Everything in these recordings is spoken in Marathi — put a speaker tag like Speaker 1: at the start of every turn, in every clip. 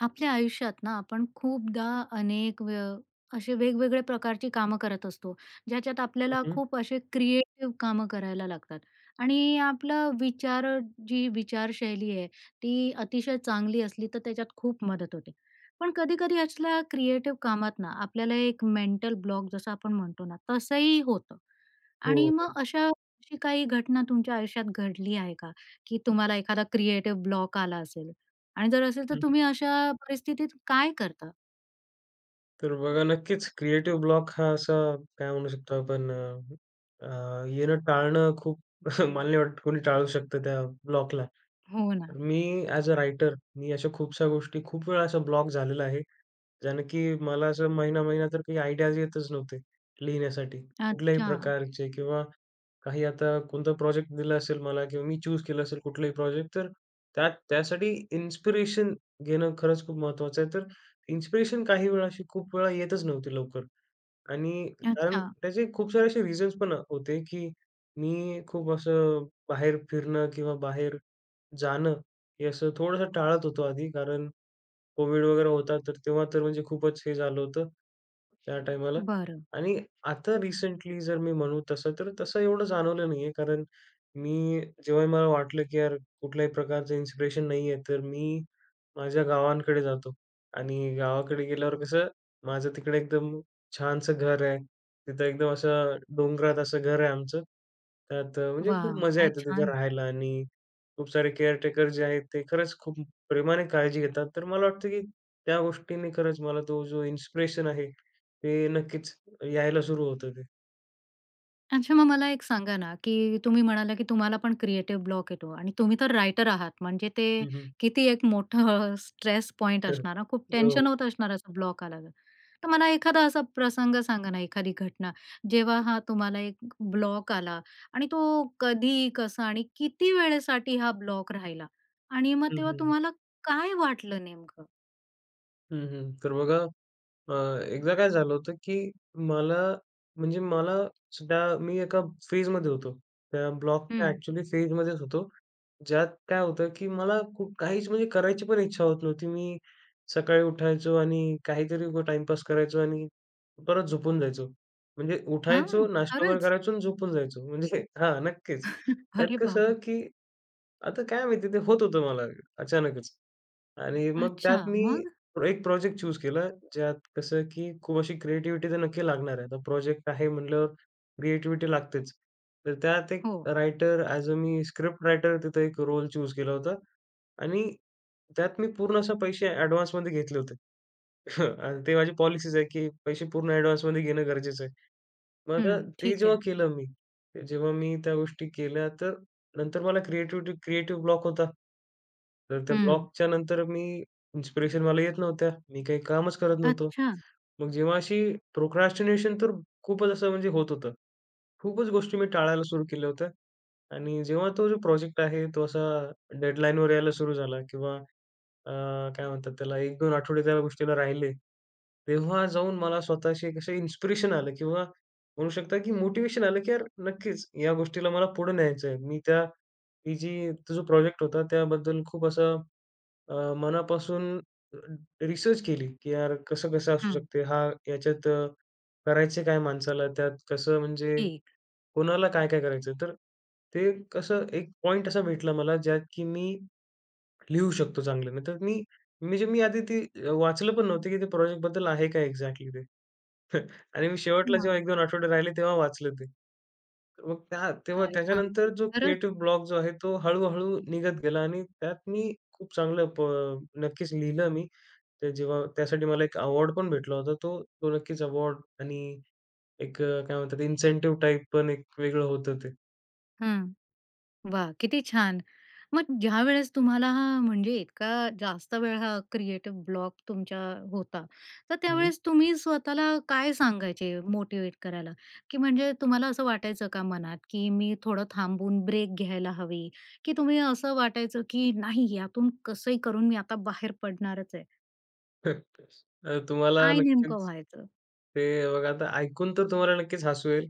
Speaker 1: आपल्या आयुष्यात ना, आपण खूपदा अनेक वे असे, वेगवेगळ्या प्रकारची कामं करत असतो, ज्याच्यात
Speaker 2: हं,
Speaker 1: आपल्याला
Speaker 2: हं.
Speaker 1: खूप असे, क्रिएटिव कामं करायला लागतात आणि आपलं विचार, जी विचारशैली आहे, ती अतिशय चांगली असली तर त्याच्यात खूप मदत होते. पण कधी-कधी असल्या क्रिएटिव कामात ना, आपल्याला एक मेंटल ब्लॉक जसं आपण म्हणतो ना, तसंही होतं
Speaker 2: हो,
Speaker 1: आणि मग
Speaker 2: हो.
Speaker 1: अशा अशी काही घटना तुमच्या आयुष्यात घडली आहे का? की तुम्हाला, एखादा क्रिएटिव ब्लॉक आला असेल आणि जर असेल तर
Speaker 2: हं.
Speaker 1: तुम्ही अशा परिस्थितीत काय करता?
Speaker 2: तर बघा, नक्कीच, क्रिएटिव्ह ब्लॉक हा असा, काय म्हणू शकतो आपण अ, येणं, टाळणं खूप मल नाही वाटतं कोणी टाळू शकतं त्या ब्लॉकला.
Speaker 1: हो ना.
Speaker 2: तर मी अ‍ॅज अ राइटर मी अशा खूपशा गोष्टी, खूप वेळा, असा ब्लॉक झालेला आहे. ज्याने की मला असं महिना-महिना तर काही आयडियाज येतच नव्हते, लिहिण्यासाठी. कुठल्याही
Speaker 1: अच्छा.
Speaker 2: प्रकारचे किंवा काही आता कोणता प्रॉजेक्ट दिला असेल मला किंवा मी चूज केलं असेल कुठलाही प्रॉजेक्ट तर त्यात त्यासाठी इन्स्पिरेशन घेणं, खरंच खूप महत्त्वाचं आहे. तर इन्स्पिरेशन काही वेळा, अशी खूप वेळा येतच नव्हती लवकर आणि कारण
Speaker 1: अच्छा.
Speaker 2: त्याचे खूप सारे असे रिझन्स पण होते की मी, खूप असं बाहेर फिरणं किंवा बाहेर जाणं हे, असं थोडंसं टाळत होतो आधी. कारण कोविड वगैरे होता, तर तेव्हा, तर म्हणजे खूपच हे झालं होतं, त्या टायमाला
Speaker 1: बरं.
Speaker 2: आणि आता रिसेंटली जर मी म्हणू तसं तर तसं एवढं जाणवलं नाही आहे. कारण मी, जेव्हाही मला वाटलं की यार, कुठल्याही प्रकारचं इन्स्पिरेशन नाही आहे तर मी माझ्या गावांकडे जातो आणि गावाकडे गेल्यावर कसं, माझं तिकडे एकदम छानसं घर आहे, तिथं एकदम असं डोंगरात असं घर आहे आमचं. त्यात म्हणजे खूप
Speaker 1: वा!
Speaker 2: मजा
Speaker 1: काय
Speaker 2: येते, तिथं
Speaker 1: छान!
Speaker 2: राहायला आणि खूप सारे केअर टेकर जे आहेत, ते खरंच खूप प्रेमाने काळजी घेतात. तर मला वाटतं की त्या गोष्टींनी खरंच मला तो, जो इन्स्पिरेशन आहे, ते नक्कीच यायला सुरू होतं ते.
Speaker 1: अच्छा मग मला एक सांगा ना, की तुम्ही म्हणाला, की तुम्हाला पण क्रिएटिव्ह ब्लॉक येतो. आणि तुम्ही तर रायटर आहात. म्हणजे, ते
Speaker 2: हम्म, हम्म.
Speaker 1: किती एक मोठं स्ट्रेस पॉइंट
Speaker 2: खरं.
Speaker 1: असणार ना? खूप टेन्शन
Speaker 2: हो.
Speaker 1: होत असणार, असं ब्लॉक आला तर. तर मला एखादा असा प्रसंग सांगा ना, एखादी घटना, जेव्हा हा तुम्हाला एक ब्लॉक आला आणि तो कधी, कसा आणि किती वेळेसाठी हा ब्लॉक राहिला आणि मग
Speaker 2: हं, हं,
Speaker 1: तेव्हा
Speaker 2: हं.
Speaker 1: तुम्हाला काय वाटलं नेमकं?
Speaker 2: हं, हं. तर बघा, अ, एकदा काय झालं होतं, की मला म्हणजे मला सुद्धा मी एका फेजमध्ये होतो. त्या ब्लॉकच्या
Speaker 1: हं.
Speaker 2: एक्चुअली फेजमध्येच होतो, ज्यात काय होतं, की मला खूप काहीच म्हणजे करायची पण इच्छा होत नव्हती. मी सकाळी उठायचो आणि काहीतरी उगाच टाइमपास करायचो आणि परत झोपून जायचो. म्हणजे
Speaker 1: हां,
Speaker 2: उठायचो, नाश्ता वगैरे
Speaker 1: खरंच.
Speaker 2: करायचो आणि झोपून जायचो. म्हणजे हां, नक्कीच. त्यात
Speaker 1: अरे
Speaker 2: कसं,
Speaker 1: बाबा.
Speaker 2: की आता काय माहिती आहे ते होत होतं मला अचानकच. आणि मग
Speaker 1: अच्छा,
Speaker 2: त्यात मी
Speaker 1: मग?
Speaker 2: एक प्रोजेक्ट चूज केला, ज्यात कसं, की खूप अशी क्रिएटिव्हिटी तर नक्की लागणार आहे. आता प्रोजेक्ट आहे म्हटल्यावर क्रिएटिव्हिटी लागतेच. तर त्यात एक
Speaker 1: हो.
Speaker 2: रायटर अ‍ॅज अ मी स्क्रिप्ट रायटर तिथं एक रोल चूज केला होता आणि त्यात मी पूर्ण असे पैसे ॲडव्हान्समध्ये घेतले होते. ते माझी पॉलिसीच आहे, की पैसे पूर्ण ॲडव्हान्समध्ये घेणं गरजेचं आहे. मग अ,
Speaker 1: हं,
Speaker 2: ते
Speaker 1: ठीक
Speaker 2: जेव्हा
Speaker 1: आहे.
Speaker 2: केलं मी, जेव्हा मी त्या गोष्टी केल्या, तर नंतर मला क्रिएटिव्हिटी क्रिएटिव्ह ब्लॉक होता. तर त्या
Speaker 1: हं.
Speaker 2: ब्लॉकच्या नंतर मी इन्स्पिरेशन मला येत नव्हत्या. मी काही कामच करत नव्हतो.
Speaker 1: अच्छा.
Speaker 2: मग जेव्हा अशी प्रोक्रॅस्टिनेशन तर खूपच असं म्हणजे होत होतं. खूपच गोष्टी मी टाळायला सुरू केल्या होत्या. आणि जेव्हा तो जो प्रोजेक्ट आहे, तो असा डेडलाईनवर यायला सुरू झाला किंवा अ, काय म्हणतात त्याला 1-2 आठवडे त्या गोष्टीला राहिले. तेव्हा जाऊन मला स्वतःशी कसे इन्स्पिरेशन आलं किंवा म्हणू शकता, की मोटिवेशन आलं, की यार नक्कीच या गोष्टीला मला पुढे न्यायचं आहे. मी त्या ही जी तो जो प्रोजेक्ट होता त्याबद्दल खूप असं अ, मनापासून रिसर्च केली की यार, कसं-कसं असू
Speaker 1: हं.
Speaker 2: शकते? हा याच्यात करायचे काय माणसाला? त्यात कसं म्हणजे
Speaker 1: एक
Speaker 2: कोणाला काय-काय करायचं? तर ते कसं एक पॉइंट असा भेटला मला, ज्यात, की मी लिहू शकतो चांगलं. नाही तर मी मी जे मी आधी ते अ, वाचलं पण नव्हतं, की ते प्रोजेक्टबद्दल आहे काय एक्सजेक्टली ते? आणि मी शेवटला
Speaker 1: हां.
Speaker 2: जेव्हा 1-2 आठवडे राहिले तेव्हा वाचलं ते. मग त्या तेव्हा
Speaker 1: काय
Speaker 2: त्याच्यानंतर
Speaker 1: सांगतो?
Speaker 2: जो
Speaker 1: खरंच?
Speaker 2: क्रिएटिव ब्लॉक जो आहे, तो हळू-हळू निघत गेला. आणि त्यात मी खूप चांगलं प नक्कीच लिहिलं मी. ते जेव्हा त्यासाठी मला एक अवॉर्ड पण भेटला होता तो. तो नक्कीच अवॉर्ड आणि एक अ, काय म्हणतात इन्सेंटिव्ह टाइप पण एक वेगळं होतं ते.
Speaker 1: हं, वा! किती छान! मग ज्यावेळेस तुम्हाला हा म्हणजे इतका जास्त वेळ हा क्रिएटिव ब्लॉक तुमच्या होता तर
Speaker 2: हं.
Speaker 1: त्यावेळेस तुम्ही स्वतःला काय सांगायचे मोटिव्हेट करायला की म्हणजे तुम्हाला असं वाटायचं का मनात की मी थोडं थांबून ब्रेक घ्यायला हवी की तुम्ही असं वाटायचं की नाही यातून कसंही करून मी आता बाहेर पडणारचय?
Speaker 2: [unintelligible] अ, तुम्हाला
Speaker 1: काय नेमकं
Speaker 2: नक्कीच,
Speaker 1: व्हायचं?
Speaker 2: ते बघा आता ऐकून तर तुम्हाला नक्कीच हसू येईल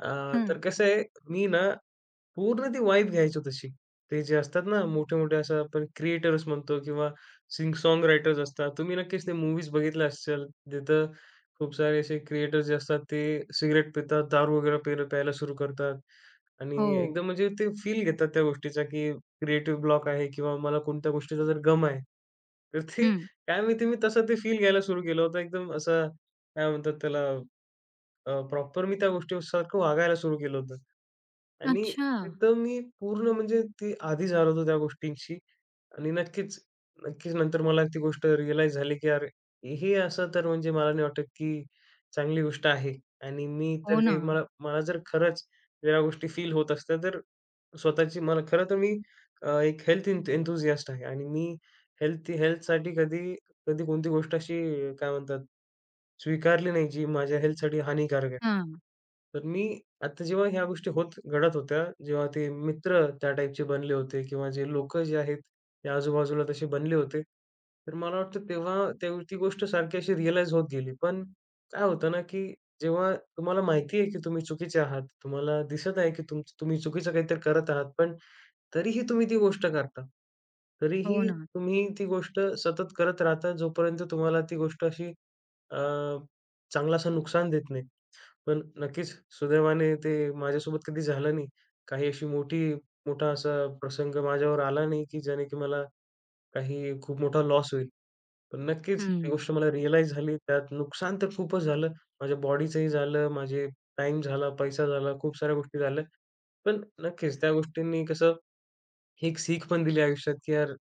Speaker 2: अ, तर
Speaker 1: हं.
Speaker 2: कसं आहे मी ना पूर्ण ती वाईब घ्यायचो तशी. ते जे असतात ना मोठे-मोठे अशा आपण क्रिएटर्स म्हणतो किंवा सिंग सॉन्ग रायटर्स असतात तुम्ही नक्कीच ते मूवीज बघितल्या असशाल. जिथं खूप सारे असे क्रिएटर्स जे असतात ते सिगरेट पितात, दारू वगैरे पेल प्यायला सुरू करतात आणि
Speaker 1: हो.
Speaker 2: एकदम म्हणजे ते फील घेतात त्या गोष्टीचा की क्रिएटिव्ह ब्लॉक आहे किंवा मला कोणत्या गोष्टीचा जर गम आहे तर ते
Speaker 1: हं.
Speaker 2: काय माहिती मी तसं ते फील घ्यायला सुरू केलं होतं .एकदम असं काय म्हणतात त्याला, अ, प्रॉपर मी त्या गोष्टीसारखं वागायला सुरू केलं होतं आणि
Speaker 1: अच्छा.
Speaker 2: एकदम मी पूर्ण म्हणजे ते आदि झालो होतो त्या गोष्टींशी आणि नक्कीच नक्कीच नंतर मला ती गोष्ट रियलाइज झाली की अरे! हे असं तर म्हणजे मला नाही वाटतं की चांगली गोष्ट आहे आणि मी तर
Speaker 1: हो
Speaker 2: हे
Speaker 1: ना.
Speaker 2: मला मला जर खरंच ज्या गोष्टी फील होत असत्या तर स्वतःची मला खरं तर मी अ, एक हेल्थ एन्थ हेल्थ एन्थूसियास्ट आहे आणि मी हेल्थ हेल्थसाठी कधी कधी कोणती गोष्ट अशी अ, काय म्हणतात स्वीकारली नाही जी माझ्या हेल्थसाठी हानिकारक आहे.
Speaker 1: हां.
Speaker 2: तर मी आता जेव्हा ह्या गोष्टी होत घडत होत्या, जेव्हा ते मित्र त्या टाईपचे बनले होते किंवा जे लोकं जे आहेत, हे आजूबाजूला तसे बनले होते. तर मला वाटतं तेव्हा ती गोष्ट सारखी अशी रियलाइज होत गेली. पण काय होतं ना की जेव्हा तुम्हाला माहिती आहे की तुम्ही चुकीचे आहात. तुम्हाला दिसत आहे की तुमचं तुम्ही चुकीचं काहीतरी करत आहात. पण तरीही तुम्ही ती गोष्ट करता.
Speaker 1: हो
Speaker 2: तरीही
Speaker 1: ना.
Speaker 2: तुम्ही ती गोष्ट सतत करत राहता जोपर्यंत तुम्हाला ती गोष्ट अशी अ, चांगलासा नुकसान देत नाही. पण नक्कीच सुदैवाने ते माझ्यासोबत कधी झालं नाही. काही अशी मोठी मोठा असा प्रसंग माझ्यावर आला नाही की जेणे की मला काही खूप मोठा लॉस होईल. पण नक्कीच ती
Speaker 1: हं.
Speaker 2: गोष्ट मला रियलाइज झाली, त्यात नुकसान तर खूपच झालं माझ्या बॉडीचंही झालं माझे टाईम झाला, पैसा झाला, खूप साऱ्या गोष्टी झाल्या. पण नक्कीच त्या गोष्टींनी कसं ही सीख पण दिली आयुष्यात की यार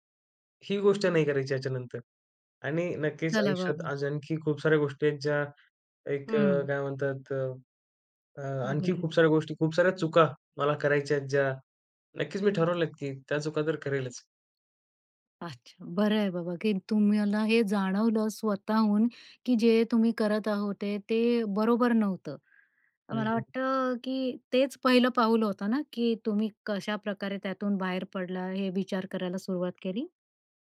Speaker 2: ही गोष्ट नाही करायची ह्याच्यानंतर आणि नक्कीच
Speaker 1: चला
Speaker 2: आयुष्यात
Speaker 1: बाबा.
Speaker 2: आज आणखी खूप साऱ्या गोष्टी आहेत ज्या एक
Speaker 1: हं.
Speaker 2: काय म्हणतात, अ आणखी
Speaker 1: बरंय.
Speaker 2: खूप साऱ्या गोष्टी खूप साऱ्या चुका मला करायच्या आहेत ज्या नक्कीच मी ठरवलं की त्या चुका तर करेलच.
Speaker 1: अच्छा. बरं आहे बाबा की तुम्हाला हे जाणवलं स्वतःहून की जे तुम्ही करत होते, ते बरोबर नव्हतं. तर
Speaker 2: हं,
Speaker 1: मला
Speaker 2: हं.
Speaker 1: वाटतं की तेच पहिलं पाऊल होतं ना, की तुम्ही कशाप्रकारे त्यातून बाहेर पडला? हे विचार करायला सुरुवात केली?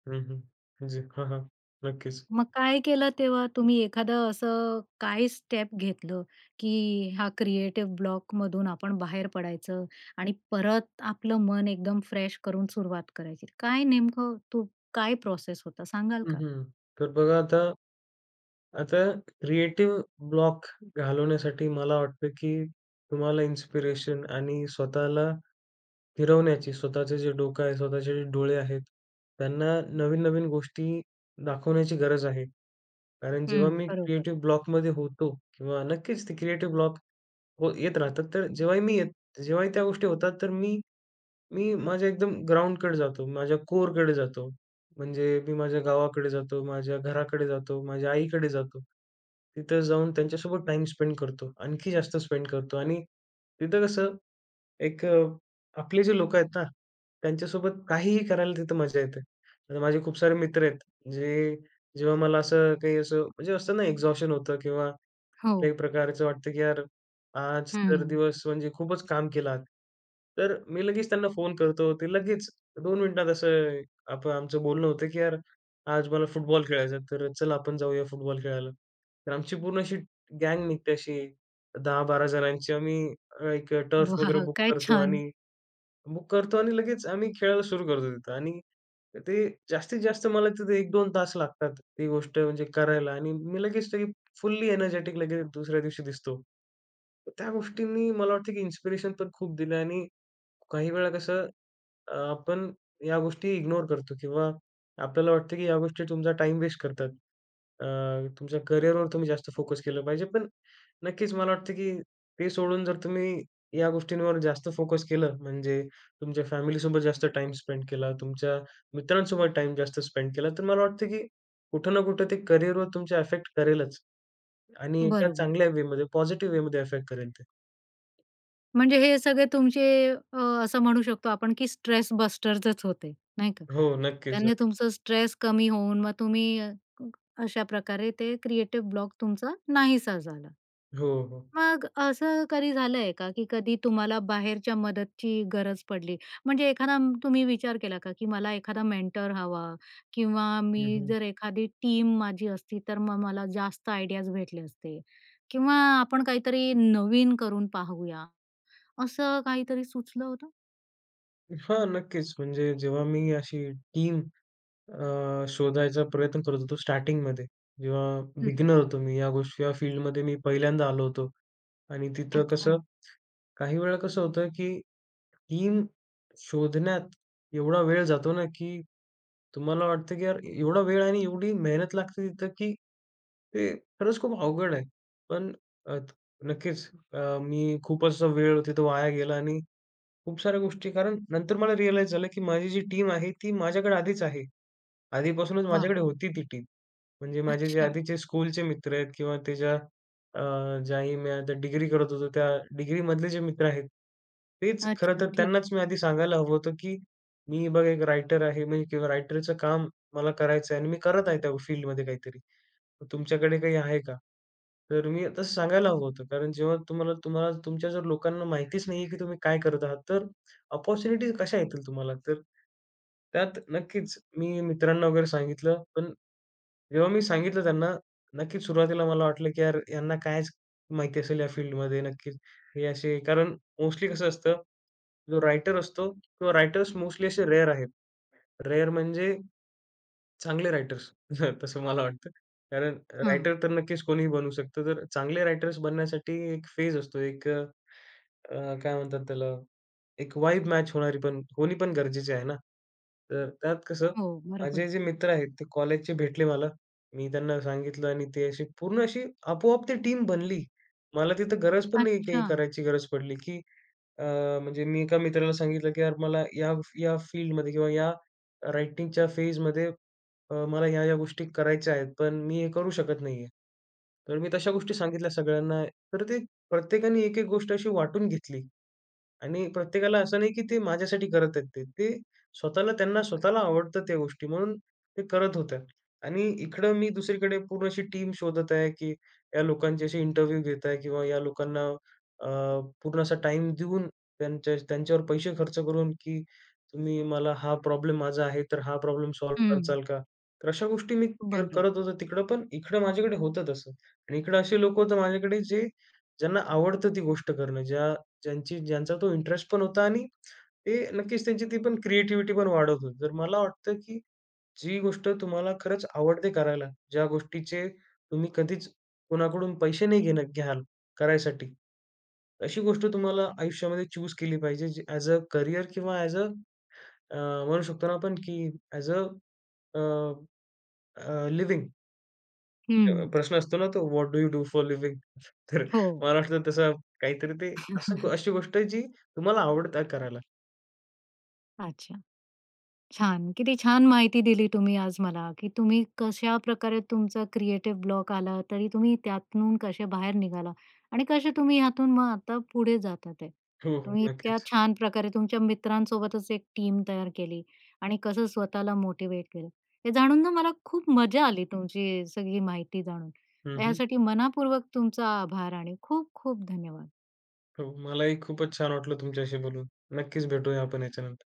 Speaker 2: हं, हं. जी, हां, हां. नक्कीच.
Speaker 1: मग काय केलं तेव्हा तुम्ही? एखादं असं काय स्टेप घेतलं? की हा क्रिएटिव्ह ब्लॉक मधून आपण बाहेर पडायचं आणि परत आपलं मन एकदम फ्रेश करून सुरुवात करायची. काय नेमकं तू काय प्रोसेस होता सांगाल
Speaker 2: हं,
Speaker 1: का?
Speaker 2: हं. तर बघा आता आता क्रिएटिव ब्लॉक घालवण्यासाठी मला वाटतं की तुम्हाला इन्स्पिरेशन आणि स्वतःला फिरवण्याची, स्वतःचं जे डोकं आहे, स्वतःचे जे डोळे आहेत, त्यांना नवीन-नवीन गोष्टी दाखवण्याची गरज आहे. कारण जेव्हा
Speaker 1: हं,
Speaker 2: मी
Speaker 1: बरोबर.
Speaker 2: क्रिएटिव्ह ब्लॉकमध्ये होतो, किंवा नक्कीच ती क्रिएटिव ब्लॉक व येत राहतात, तर जेव्हाही मी जेव्हाही त्या गोष्टी होतात तर मी मी माझ्या एकदम ग्राउंडकडे जातो, माझ्या कोअरकडे जातो. म्हणजे मी माझ्या गावाकडे जातो, माझ्या घराकडे जातो, माझ्या आईकडे जातो. तिथं जाऊन त्यांच्यासोबत टाइम स्पेंड करतो, आणखी जास्त स्पेंड करतो. आणि तिथं कसं? एक आपले जे लोक आहेत ना, त्यांच्यासोबत काहीही करायला तिथं मजा येते. आता माझे खूप सारे मित्र आहेत. जे जेव्हा मला असं काही असं म्हणजे असतं ना एक्झॉशन होतं किंवा
Speaker 1: हो.
Speaker 2: कुठल्याही प्रकारचं वाटतं की यार आज तर
Speaker 1: हं.
Speaker 2: दिवस म्हणजे खूपच काम केलात. तर मी लगेच त्यांना फोन करतो. ते लगेच 2 मिनिटात असं आता आमचं बोलणं होतं की "यार, आज मला फुटबॉल खेळायचा आहे, तर चला आपण जाऊया फुटबॉल खेळायला." तर आमची पूर्ण अशी गॅंग निघते, अशी 10-12 जणांची. आम्ही अ, 1 टर्फ वगैरे
Speaker 1: वाह!
Speaker 2: बुक
Speaker 1: काय
Speaker 2: करतो
Speaker 1: छान.
Speaker 2: आणि बुक करतो आणि लगेच आम्ही खेळायला सुरू करतो तिथं. आणि ते जास्तीत-जास्त मला तिथं 1-2 तास लागतात ती गोष्ट म्हणजे करायला. आणि मी लगेच फुल्ली एनर्जेटिक लगेच दुसऱ्या दिवशी दिसतो. त्या गोष्टींनी मला वाटतं की इन्स्पिरेशन पण खूप दिलं. आणि काही वेळा कसं? अ, आपण या गोष्टी इग्नोर करतो. किंवा आपल्याला वाटतं की या गोष्टी तुमचा टाइम वेस्ट करतात. अ, तुमच्या करिअरवर तुम्ही जास्त फोकस केलं पाहिजे. पण नक्कीच मला वाटतं की ते सोडून जर तुम्ही या गोष्टींवर जास्त फोकस केलं म्हणजे तुमच्या फॅमिलीसोबत जास्त टाइम स्पेंड केला, तुमच्या मित्रांसोबत टाइम जास्त स्पेंड केला तर मला वाटतं की कुठं ना कुठं ते करिअरवर तुमचा अफेक्ट करेलच. आणि एका
Speaker 1: बरोबर.
Speaker 2: चांगल्या वेमध्ये, पॉझिटिव्ह वेमध्ये अफेक्ट करेल ते.
Speaker 1: म्हणजे हे सगळे तुमचे अ, असं म्हणू शकतो आपण, की स्ट्रेस बस्टरच होते, नाही का.
Speaker 2: हो. नक्कीच,
Speaker 1: त्याने
Speaker 2: नक्कीच.
Speaker 1: तुमचं स्ट्रेस कमी होऊन मग तुम्ही अ, अशा प्रकारे ते क्रिएटिव ब्लॉक तुमचा नाहीसा झाला.
Speaker 2: हो, हो.
Speaker 1: मग असं कधी झालं आहे का, की कधी तुम्हाला बाहेरच्या मदतीची गरज पडली? म्हणजे एखादा तुम्ही विचार केला का, की मला एखादा मेंटर हवा किंवा
Speaker 2: हं,
Speaker 1: मी
Speaker 2: हं.
Speaker 1: जर एखादी टीम माझी असती. तर मग मला जास्त आयडियाज भेटले असते किंवा आपण काहीतरी नवीन करून पाहूया. असं काहीतरी सुचलं होतं?
Speaker 2: हां, नक्कीच, म्हणजे जेव्हा मी अशी टीम, अ, शोधायचा प्रयत्न करत होतो, स्टार्टिंगमध्ये. जेव्हा
Speaker 1: हं.
Speaker 2: बिगिनर होतो, मी या गोष्टी, या फील्डमध्ये, मी पहिल्यांदा आलो होतो. आणि तिथं कसं,
Speaker 1: अच्छा.
Speaker 2: काही वेळा कसं होतं, की टीम शोधण्यात एवढा वेळ जातो, ना, की तुम्हाला वाटतं की यार, एवढा वेळ आणि एवढी मेहनत लागते. तिथं, की ते खरंच खूप अवघड आहे, पण अ, नक्कीच. अ, मी खूप असा वेळ तिथं वाया गेला आणि खूप साऱ्या गोष्टी. कारण नंतर मला रियलाइज झालं की माझी जी टीम आहे, ती माझ्याकडे आधीच आहे, आधीपासूनच
Speaker 1: वाह!
Speaker 2: माझ्याकडे होती ती टीम. म्हणजे माझे जे
Speaker 1: अच्छा.
Speaker 2: आधीचे स्कूलचे मित्र आहेत किंवा त्याच्या, अ, ज्याही मी आता डिग्री करत होतो. त्या डिग्रीमधले जे मित्र आहेत, तेच खरं
Speaker 1: अच्छा,
Speaker 2: तर
Speaker 1: ठीक
Speaker 2: त्यांनाच
Speaker 1: आहे.
Speaker 2: मी आधी सांगायला हवं होतं की मी बघा, 1 रायटर आहे मी किंवा रायटरचं काम मला करायचं आहे. आणि मी करत आहे त्या फील्डमध्ये काहीतरी. तुमच्याकडे काही आहे का? तर मी तसं सांगायला हवं होतं. कारण जेव्हा तुम्हाला तुम्हाला तुमच्या जर लोकांना माहितीच नाही आहे, की तुम्ही काय करत आहात? तर अपॉर्च्युनिटीज कशा येतील तुम्हाला? तर त्यात नक्कीच. मी मित्रांना वगैरे सांगितलं. पण जेव्हा मी सांगितलं त्यांना नक्कीच सुरुवातीला मला वाटलं की यार, ह्यांना कायच माहिती असेल या फील्डमध्ये नक्कीच. हे असे कारण मोस्टली कसं असतं, जो रायटर असतो किंवा रायटर्स मोस्टली असे रेअर आहेत, रेअर म्हणजे चांगले रायटर्स. तसं मला वाटतं कारण
Speaker 1: हं.
Speaker 2: रायटर तर नक्कीच कोणीही बनू शकतं. तर चांगले रायटर्स. बनण्यासाठी एक फेज असतो, एक अ, अ, काय म्हणतात त्याला? एक वाइब मॅच होणारी पण होणी पण गरजेची आहे ना. तर त्यात कसं
Speaker 1: हो,
Speaker 2: माझे
Speaker 1: बरोबर.
Speaker 2: जे मित्र आहेत, ते कॉलेजचे भेटले मला. मी त्यांना सांगितलं आणि ते असे पूर्ण अशी आपोआप ती टीम बनली. मला तिथं गरज पण नाही, काही
Speaker 1: अच्छा.
Speaker 2: करायची गरज पडली. की अ, म्हणजे मी एका मित्राला सांगितलं की यार, मला या या फील्डमध्ये किंवा या रायटिंगच्या फेजमध्ये अ, मला ह्या, ह्या गोष्टी करायच्या आहेत, पण मी हे करू शकत नाही आहे. तर मी तशा गोष्टी सांगितल्या सगळ्यांना. तर ते प्रत्येकाने एक एक गोष्ट अशी वाटून घेतली. आणि प्रत्येकाला असं नाही की ते माझ्यासाठी करत आहेत ते. ते स्वतःला, त्यांना स्वतःला आवडतात त्या गोष्टी म्हणून ते करत होत्या. आणि इकडं मी दुसरीकडे पूर्ण अशी टीम शोधत आहे की, या लोकांचे असे इंटरव्ह्यू घेत आहे किंवा या लोकांना अ, पूर्ण असा टाईम देऊन, त्यांच्या, त्यांच्यावर पैसे खर्च करून, की तुम्ही मला हा प्रॉब्लेम माझा आहे. तर हा प्रॉब्लेम सॉल्व्ह
Speaker 1: हं.
Speaker 2: करचाल का? तर अशा गोष्टी मी क
Speaker 1: बरं.
Speaker 2: करत होतो तिकडं, पण इकडं माझ्याकडे होतं तसं. आणि इकडं असे लोकं होतं माझ्याकडे, जे ज्यांना आवडतं ती गोष्ट करणं ज्या ज्यांची ज्यांचा तो इंटरेस्ट पण होता, आणि ते नक्कीच. त्यांची ती पण क्रिएटिव्हिटी पण वाढत होती. तर मला वाटतं की जी गोष्ट तुम्हाला खरंच आवडते करायला, ज्या गोष्टीचे तुम्ही कधीच कोणाकडून पैसे नाही घेणं घ्याल, करायसाठी अशी गोष्ट तुम्हाला आयुष्यामध्ये चुस केली पाहिजे. जे ॲझ अ करियर किंवा ॲझ अ अ म्हणू शकतो ना, आपण की as a a a living. अ,
Speaker 1: हं.
Speaker 2: प्रश्न असतो ना, तो what do you do for living? तर
Speaker 1: हो.
Speaker 2: महाराष्ट्रात तसा काहीतरी ते असं अशी गोष्ट आहे, जी तुम्हाला आवडते करायला.
Speaker 1: अच्छा. छान, किती छान! माहिती दिली तुम्ही आज मला, की तुम्ही कशाप्रकारे तुमचा क्रिएटिव ब्लॉक आला तरी तुम्ही त्यातून कसे बाहेर निघाला. आणि कसे तुम्ही यातून मग आता पुढे जातात ते.
Speaker 2: हो, हो.
Speaker 1: तुम्ही इतक्या
Speaker 2: नक्कीच.
Speaker 1: छान प्रकारे तुमच्या मित्रांसोबतच एक टीम तयार केली. आणि कसं स्वतःला मोटिवेट केलं, हे जाणून ना मला खूप मजा आली, तुमची सगळी माहिती जाणून,
Speaker 2: हं, हं.
Speaker 1: यासाठी मनापूर्वक तुमचा आभार, आणि खूप-खूप धन्यवाद!
Speaker 2: हो. मला ही खूपच छान वाटलं, तुमच्याशी बोलून. नक्कीच, भेटूया आपण याच्यानंतर.